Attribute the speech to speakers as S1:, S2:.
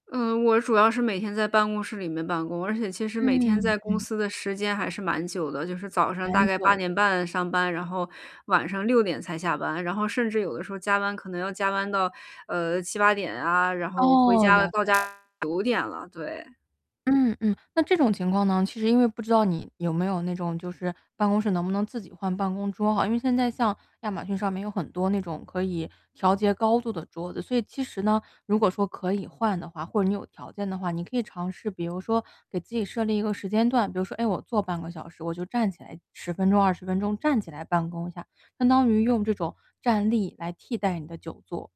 S1: 嗯，我主要是每天在办公室里面办公，而且其实每天
S2: 嗯，
S1: 在公
S2: 嗯。
S1: 司的时间还是蛮久的，就是早上大
S2: 蛮
S1: 概
S2: 久
S1: 八
S2: 的，
S1: 点
S2: 是
S1: 半
S2: 吧。
S1: 上班。然后晚上6:00才下班，然后甚至有的时候加班可能要加班到，呃，7-8点啊，然后回
S2: 哦，
S1: 家了
S2: 了
S1: 到
S2: 解了
S1: 家
S2: 解。
S1: 9:00了，对。
S2: 嗯嗯。那这种情况呢，其实因为不知道你有没有那种就是，办公室能不能自己换办公桌啊？因为现在像亚马逊上面有很多那种可以调节高度的桌子，所以其实呢，如果说可以换的话，或者你有条件的话。你可以尝试比如说给自己设立一个时间段，比如说，诶，我坐半个小时我就站起来10分钟、20分钟，站起来办公一下，相当于用这种站立来替代你的久坐。